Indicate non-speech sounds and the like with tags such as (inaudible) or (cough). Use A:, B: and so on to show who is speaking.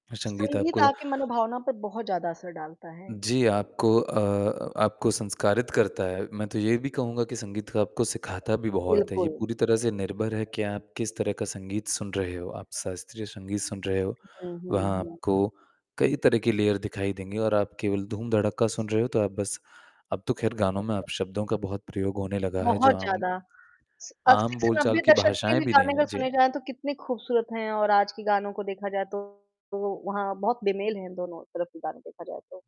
A: संगीत
B: संगीत
A: आपको
B: आपके मनोभावनाओं पर बहुत ज़्यादा असर डालता है।
A: जी, आपको अ अ, आपको संस्कारित करता है, मैं तो ये भी कहूँगा कि संगीत का आपको सिखाता भी बहुत है, ये
B: बिल्कुल।
A: पूरी तरह से निर्भर है कि आप किस तरह का संगीत सुन रहे हो, आप शास्त्रीय संगीत सुन रहे हो।
B: हुँ, हुँ,
A: वहाँ
B: हुँ।
A: आपको कई तरह की लेयर दिखाई देंगी और आप केवल धूम-धड़क्का सुन रहे हो, तो आप बस अब तो ख़ैर गानों में अपशब्दों का बहुत प्रयोग होने लगा है। जो
B: बहुत
A: आम
B: ज़्यादा। स 80
A: आम
B: से
A: बोलचाल
B: 90 के
A: की
B: दशक
A: भाषाएँ
B: के
A: भी नहीं
B: गाने अगर
A: हैं, जी।
B: सुने जाएँ तो कितने खूबसूरत हैं और आज के गानों को देखा जाए तो तो वो वहाँ बहुत बेमेल है दोनों तरफ़ (unintelligible) देखा जाए तो।